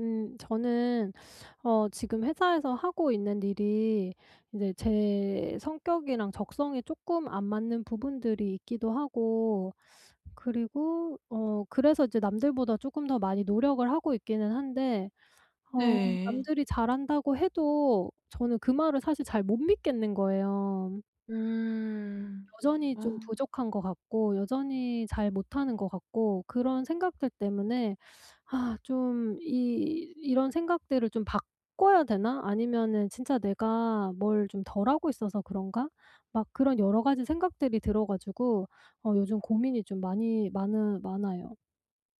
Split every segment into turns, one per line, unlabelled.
음. 저는 어 지금 회사에서 하고 있는 일이 인제 제 성격이랑 적성에 쪼끔 안 맞는 부분들이 있기도 하고 그리고 어 그래서 이제 남들보다 쪼끔 더 많이 노력을 하고 있기는 한데 어
네.
남들이 "잘한다."고 해도 저는 그 말을 사실 잘 못 믿겠는 거예요.
음.
여전히 좀
어.
부족한 것 같고 여전히 잘 못하는 것 같고 그런 생각들 때문에 '아 좀 이 이런 생각들을 좀 바꿔야 되나? 아니면은 진짜 내가 뭘 좀 덜 하고 있어서 그런가?' 막 그런 여러 가지 생각들이 들어 가지고 어 요즘 고민이 좀 많이 많으 많아요.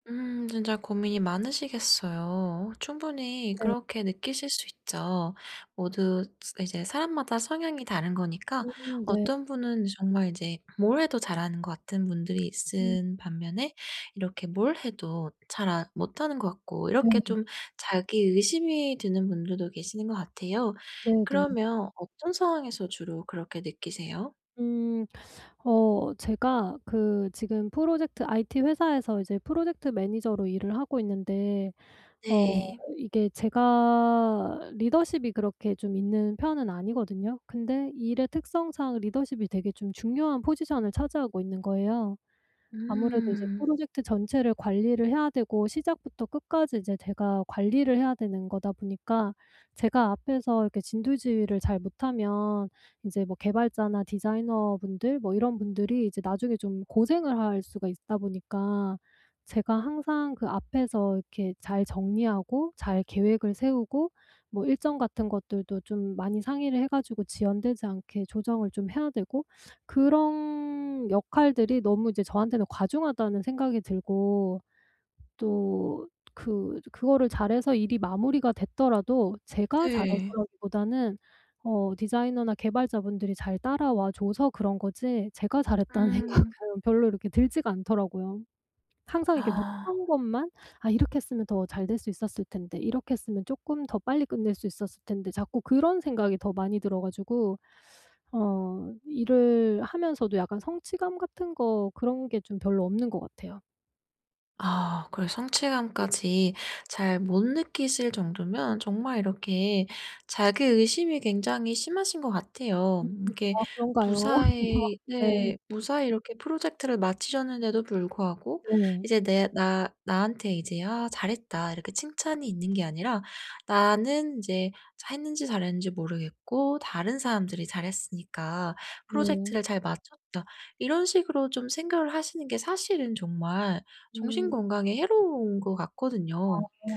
음. 진짜 고민이 많으시겠어요. 충분히
네.
그렇게 느끼실 수 있죠. 모두 스 이제 사람마다 성향이 다른 거니까
음. 네.
어떤 분은 정말 이제 뭘 해도 잘하는 것 같은 분들이
음.
있는 반면에 이렇게 뭘 해도 잘 안 못하는 거 같고 이렇게
네.
좀 자기 의심이 드는 분들도 계시는 거 같아요.
네네.
그러면 어떤 상황에서 주로 그렇게 느끼세요?
음. 어 제가 그 지금 프로젝트 IT 회사에서 이제 프로젝트 매니저로 일을 하고 있는데 어
네.
이게 제가 리더십이 그렇게 좀 있는 편은 아니거든요. 근데 일의 특성상 리더십이 되게 좀 중요한 포지션을 차지하고 있는 거예요. 아무래도 이제
음.
프로젝트 전체를 관리를 해야 되고 시작부터 끝까지 이제 제가 관리를 해야 되는 거다 보니까 제가 앞에서 이렇게 진두지휘를 잘 못하면 인제 뭐 개발자나 디자이너분들 뭐 이런 분들이 이제 나중에 좀 고생을 할 수가 있다 보니까 제가 항상 그 앞에서 이렇게 잘 정리하고 잘 계획을 세우고 뭐 일정 같은 것들도 좀 많이 상의를 해 가지고 지연되지 않게 조정을 좀 해야 되고 그런 역할들이 너무 이제 저한테는 '과중하다.'는 생각이 들고 또 그 저 그거를 잘해서 일이 마무리가 됐더라도 제가
네.
잘해서라기보다는 어 디자이너나 개발자분들이 잘 따라와 줘서 그런 거지 제가 '잘했다.'는
음.
생각은 별로 이렇게 들지가 않더라고요. 항상 이렇게
아.
못한 것만 '아 이렇게 했으면 더 잘 될 수 있었을 텐데. 이렇게 했으면 쪼끔 더 빨리 끝낼 수 있었을 텐데.' 자꾸 그런 생각이 더 많이 들어 가지고 어 일을 하면서도 약간 성취감 같은 거 그런 게 좀 별로 없는 것 같아요.
아. 그래 성취감까지 잘 못 느끼실 정도면 정말 이렇게 자기 의심이 굉장히 심하신 것 같아요.
음음.
이게
아 그런가요?
무사히
네.
네 무사히 이렇게 프로젝트를 마치셨는데도 불구하고
네.
이제 내 나 나한테 이제 '아 잘했다.' 이렇게 칭찬이 있는 게 아니라 '나는 인제 자했는지 잘했는지 모르겠고 다른 사람들이 잘했으니까
네.
프로젝트를 잘 마쳤다.' 이런 식으로 좀 생각을 하시는 게 사실은 정말 정신
음.
건강에 해로운 것
아.
같거든요.
어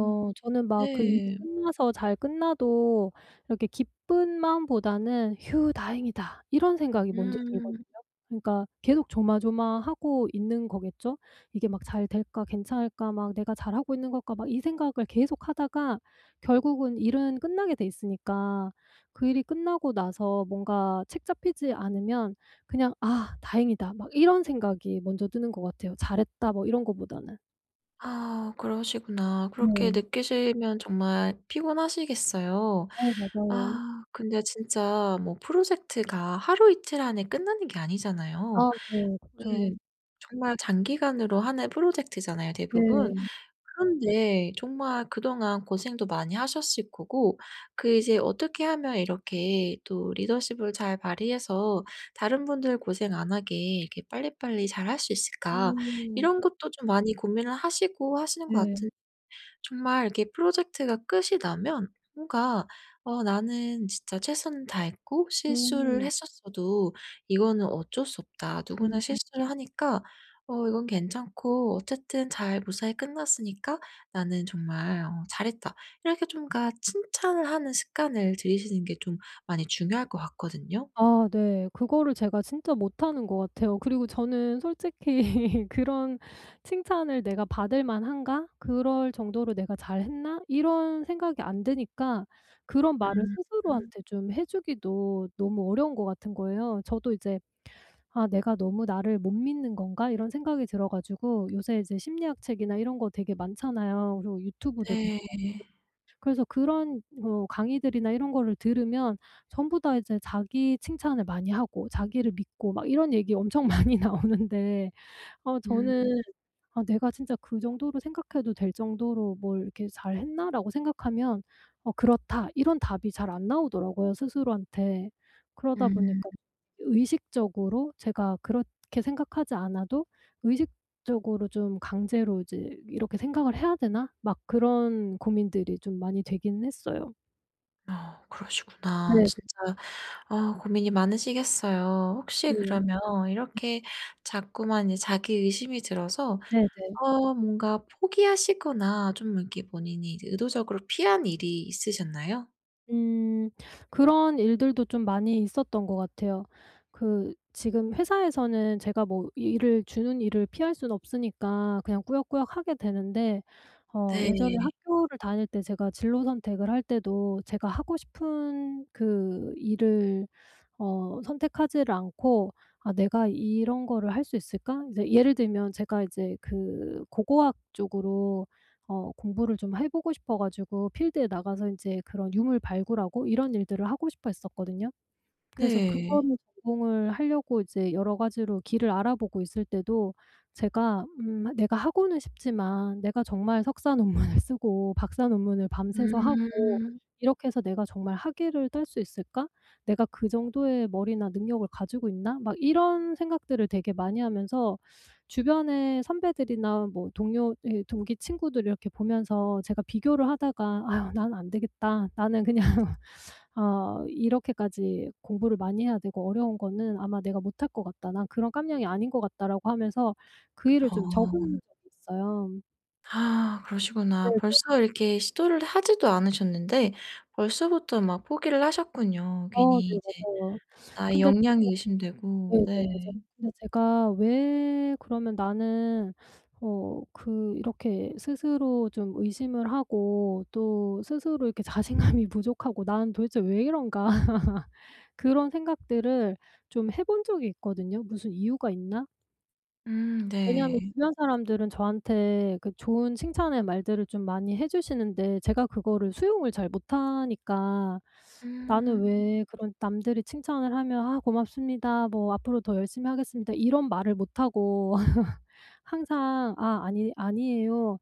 음.
저는 막 그 일이
네.
끝나서 잘 끝나도 이렇게 기쁜 마음보다는 '휴 다행이다.' 이런 생각이 먼저 들거든요.
음.
그러니까 계속 조마조마하고 있는 거겠죠? '이게 막 잘 될까? 괜찮을까? 막 내가 잘하고 있는 걸까?' 막 이 생각을 계속하다가 결국은 일은 끝나게 돼 있으니까 그 일이 끝나고 나서 뭔가 책잡히지 않으면 그냥 '아 다행이다.' 막 이런 생각이 먼저 드는 것 같아요 '잘했다.' 뭐 이런 거보다는.
아 그러시구나. 그렇게
네.
느끼시면 정말 피곤하시겠어요.
네. 맞아요.
아 근데 진짜 뭐 프로젝트가 하루이틀 안에 끝나는 게 아니잖아요.
아. 네.
네.
그쵸.
정말 장기간으로 하는 프로젝트잖아요 대부분.
네.
그런데 정말 그동안 고생도 많이 하셨을 거고 그 이제 '어떻게 하면 이렇게 또 리더십을 잘 발휘해서 다른 분들 고생 안 하게 이렇게 빨리빨리 잘 할 수 있을까?'
음.
이런 것도 좀 많이 고민을 하시고 하시는 것
네.
같은 정말 이렇게 프로젝트가 끝이 나면 뭔가 '어 나는 진짜 최선을 다했고 실수를
음.
했었어도 이거는 어쩔 수 없다. 누구나
음.
실수를 하니까 어 이건 괜찮고 어쨌든 잘 무사히 끝났으니까 나는 정말 어 잘했다.' 이렇게 좀 그러니까 칭찬을 하는 습관을 들이시는 게 좀 많이 중요할 것 같거든요.
아 네. 그거를 제가 진짜 못하는 것 같아요. 그리고 저는 솔직히 '그런 칭찬을 내가 받을 만한가? 그럴 정도로 내가 잘했나?' 이런 생각이 안 드니까 그런 말을
음 음.
스스로한테 좀 해 주기도 너무 어려운 것 같은 거예요. 저도 이제 '아 내가 너무 나를 못 믿는 건가?' 이런 생각이 들어 가지고 요새 이제 심리학 책이나 이런 거 되게 많잖아요. 그리고 유튜브도 되게 많고.
네.
그래서 그런 뭐 강의들이나 이런 거를 들으면 전부 다 이제 자기 칭찬을 많이 하고 자기를 믿고 막 이런 얘기 엄청 많이 나오는데 어 저는
음.
'내가 진짜 그 정도로 생각해도 될 정도로 뭘 이렇게 잘 했나?' 라고 생각하면 "어. 그렇다." 이런 답이 잘 안 나오더라고요 스스로한테. 그러다
음.
보니까 의식적으로 제가 그렇게 생각하지 않아도 '의식적으로 좀 강제로 이제 이렇게 생각을 해야 되나?' 막 그런 고민들이 좀 많이 되긴 했어요.
아. 그러시구나.
네.
진짜 아 고민이 많으시겠어요. 혹시
네.
그러면
네.
이렇게 자꾸만 이 자기 의심이 들어서
네네.
어 뭔가 포기하시거나 좀 이렇게 본인이 이제 의도적으로 피한 일이 있으셨나요?
음. 그런 일들도 좀 많이 있었던 것 같아요. 그 지금 회사에서는 제가 뭐 일을 주는 일을 피할 수는 없으니까 그냥 꾸역꾸역 하게 되는데 어 예전에
네.
학교를 다닐 때 제가 진로 선택을 할 때도 제가 하고 싶은 그 일을 어 선택하지를 않고 '아 내가 이런 거를 할 수 있을까?' 이제 예를 들면 제가 이제 그 고고학 쪽으로 어 공부를 좀 해 보고 싶어 가지고 필드에 나가서 인제 그런 유물 발굴하고 이런 일들을 하고 싶어 했었거든요. 그래서
네.
그거를 전공을 하려고 이제 여러 가지로 길을 알아보고 있을 때도 제가 음 '내가 하고는 싶지만 내가 정말 석사 논물을 쓰고 박사 논문을 밤새서 하고
음.
이렇게 해서 내가 정말 학위를 딸 수 있을까? 내가 그 정도의 머리나 능력을 가지고 있나?' 막 이런 생각들을 되게 많이 하면서 주변의 선배들이나 뭐 동료 이 동기 친구들 이렇게 보면서 제가 비교를 하다가 '아유 나는 안 되겠다. 나는 그냥 어 이렇게까지 공부를 많이 해야 되고 어려운 거는 아마 내가 못할 것 같다. 난 그런 깜냥이 아닌 것 같다.'라고 하면서 그 일을 좀 접은
어.
적이 있어요.
아. 그러시구나. 벌써
네네.
이렇게 시도를 하지도 않으셨는데 벌써부터 막 포기를 하셨군요.
어.
괜히
네.
이제
맞아요.
나의
근데 제가
역량이 의심되고.
네네. 맞아요.
네.
근데 제가 왜 그러면 '나는 어 그 이렇게 스스로 좀 의심을 하고 또 스스로 이렇게 자신감이 부족하고 나는 도대체 왜 이런가?' 그런 생각들을 좀 해 본 적이 있거든요. 무슨 이유가 있나?
음.
왜냐하면
네.
주변 사람들은 저한테 그 좋은 칭찬의 말들을 좀 많이 해 주시는데 제가 그거를 수용을 잘 못하니까 나는
음.
왜 그런 남들이 칭찬을 하면 "아 고맙습니다. 뭐 앞으로 더 열심히 하겠습니다." 이런 말을 못하고 항상 "아 아니 아니에요."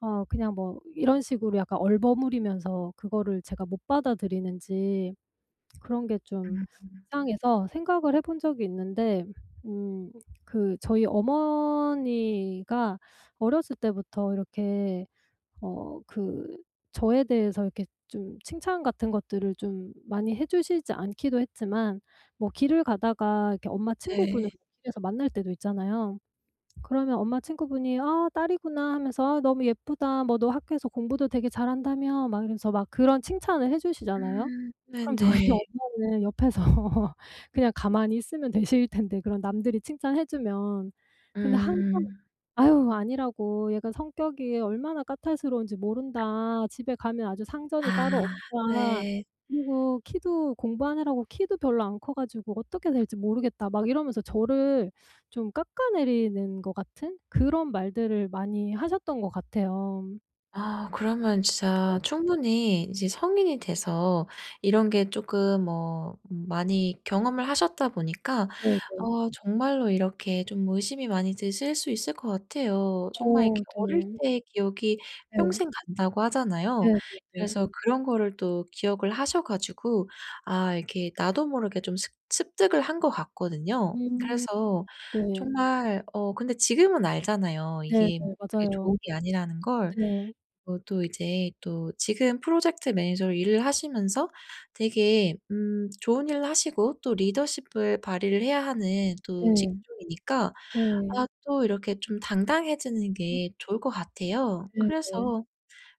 어 그냥 뭐 이런 식으로 약간 얼버무리면서 그거를 제가 못 받아들이는지 그런 게 좀
음.
이상해서 생각을 해 본 적이 있는데 음 그 저희 어머니가 어렸을 때부터 이렇게 어 그 저에 대해서 이렇게 좀 칭찬 같은 것들을 좀 많이 해 주시지 않기도 했지만 뭐 길을 가다가 이렇게 엄마 친구분을
네.
길에서 만날 때도 있잖아요. 그러면 엄마 친구분이 "아 딸이구나." 하면서 "아 너무 예쁘다. 뭐 너 학교에서 공부도 되게 잘 한다며?" 막 이러면서 막 그런 칭찬을 해 주시잖아요.
음.
그럼 저희
네네.
엄마는 옆에서 그냥 가만히 있으면 되실 텐데 그런 남들이 칭찬해주면 근데 항상
음.
"아휴 아니라고 얘가 성격이 얼마나 까탈스러운지 모른다. 집에 가면 아주 상전이
아.
따로 없다.
네.
그리고 키도 공부하느라고 키도 별로 안 커 가지고 어떻게 될지 모르겠다." 막 이러면서 저를 좀 깎아내리는 것 같은 그런 말들을 많이 하셨던 것 같아요.
아 그러면 진짜
네.
충분히 이제 성인이 돼서 이런 게 쪼끔 뭐 음 많이 경험을 하셨다 보니까
네네.
어 정말로 이렇게 좀 의심이 많이 드실 수 있을 것 같아요. 정말
어
이렇게 "어릴
네.
때 기억이
네.
평생 간다."고 하잖아요.
네네네.
그래서 그런 거를 또 기억을 하셔 가지고 아 이렇게 나도 모르게 좀 습 습득을 한 것 같거든요.
음.
그래서
네.
정말 어 근데 지금은 알잖아요
네네.
이게 그렇게
맞아요.
좋은 게 아니라는 걸.
네.
어 또 이제 또 지금 프로젝트 매니저로 일을 하시면서 되게 음 좋은 일을 하시고 또 리더십을 발휘를 해야 하는 또
네.
직종이니까
네.
아 또 이렇게 좀 당당해지는
음.
게 좋을 것 같아요.
네네.
그래서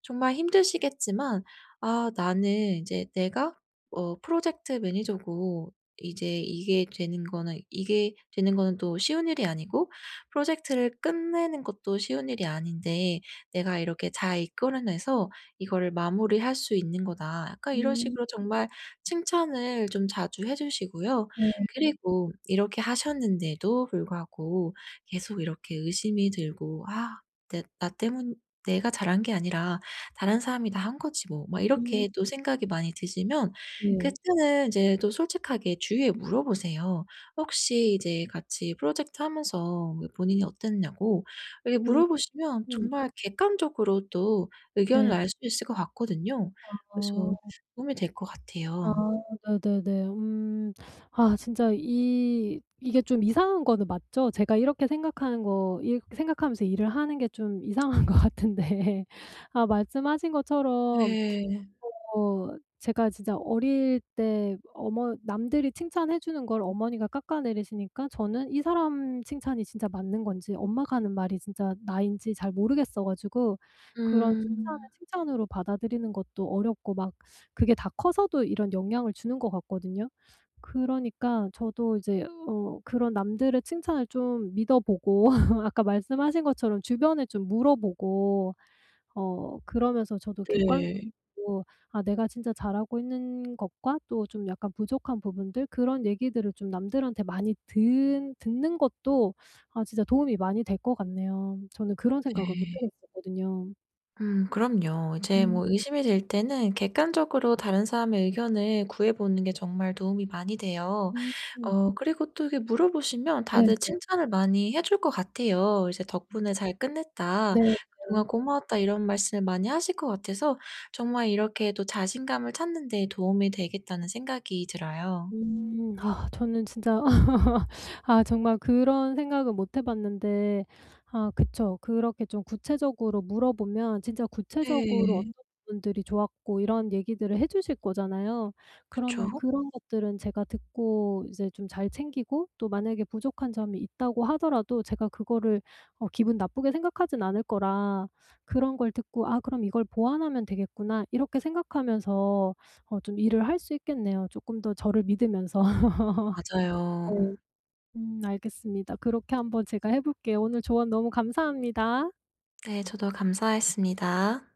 정말 힘드시겠지만 '아 나는 인제 내가 어 프로젝트 매니저고 이제 이게 되는 거는, 이게 되는 거는 또 쉬운 일이 아니고 프로젝트를 끝내는 것도 쉬운 일이 아닌데 내가 이렇게 잘 이끌어내서 이거를 마무리할 수 있는 거다.' 약간 이런
음.
식으로 정말 칭찬을 좀 자주 해 주시고요.
네.
그리고 이렇게 하셨는데도 불구하고 계속 이렇게 의심이 들고 '아 내 나 때문 내가 잘한 게 아니라 다른 사람이 다 한 거지 뭐.' 막
음.
이렇게 또 생각이 많이 드시면
네.
그때는 이제 또 솔직하게 주위에 물어보세요. 혹시 이제 같이 프로젝트 하면서 왜 본인이 어땠냐고 이래
음.
물어보시면
음.
정말 객관적으로 또 의견을
네.
알 수 있을 것 같거든요. 그래서
아.
도움이 될 것
아.
같아요.
네네네. 음. 아 진짜 이 이게 좀 이상한 거는 맞죠? 제가 이렇게 생각하는 거, 이렇게 생각하면서 일을 하는 게 좀 이상한 것 같은데 아 말씀하신 것처럼
네.
어 제가 진짜 어릴 때 어머 남들이 칭찬해 주는 걸 어머니가 깎아내리시니까 저는 이 사람 칭찬이 진짜 맞는 건지 엄마가 하는 말이 진짜 나인지 잘 모르겠어 가지고 그런 칭찬을
음.
칭찬으로 받아들이는 것도 어렵고 막 그게 다 커서도 이런 영향을 주는 것 같거든요. 그러니까 저도 이제 어 그런 남들의 칭찬을 좀 믿어보고 아까 말씀하신 것처럼 주변에 좀 물어보고 어 그러면서 저도
네.
객관적으로 아 내가 진짜 잘하고 있는 것과 또 좀 약간 부족한 부분들 그런 얘기들을 좀 남들한테 많이 듣 듣는 것도 아 진짜 도움이 많이 될 것 같네요. 저는 그런 생각을 못
네.
해 봤었거든요.
음. 그럼요. 이제
음.
뭐 의심이 들 때는 객관적으로 다른 사람의 의견을 구해 보는 게 정말 도움이 많이 돼요.
음.
어 그리고 또 이렇게 물어보시면
네네.
다들 칭찬을 많이 해 줄 것 같아요. 이제 "덕분에 잘 끝냈다.
네. 네.
그동안 고마웠다." 이런 말씀을 많이 하실 것 같아서 정말 이렇게 또 '자신감을 찾는 데 도움이 되겠다.'는 생각이 들어요.
음. 아 저는 진짜 아 정말 그런 생각은 못 해 봤는데 아 그쵸? 그렇게 좀 구체적으로 물어보면 진짜 구체적으로
네.
어떤 부분들이 좋았고 이런 얘기들을 해 주실 거잖아요. 그러면
그쵸.
그런 것들은 제가 듣고 이제 좀 잘 챙기고 또 만약에 부족한 점이 있다고 하더라도 제가 그거를 어 기분 나쁘게 생각하진 않을 거라 그런 걸 듣고 '아 그럼 이걸 보완하면 되겠구나.' 이렇게 생각하면서 어 좀 일을 할 수 있겠네요 쪼끔 더 저를 믿으면서.
맞아요.
네. 음 알겠습니다. 그렇게 한번 제가 해 볼게요. 오늘 조언 너무 감사합니다.
네. 저도 감사했습니다.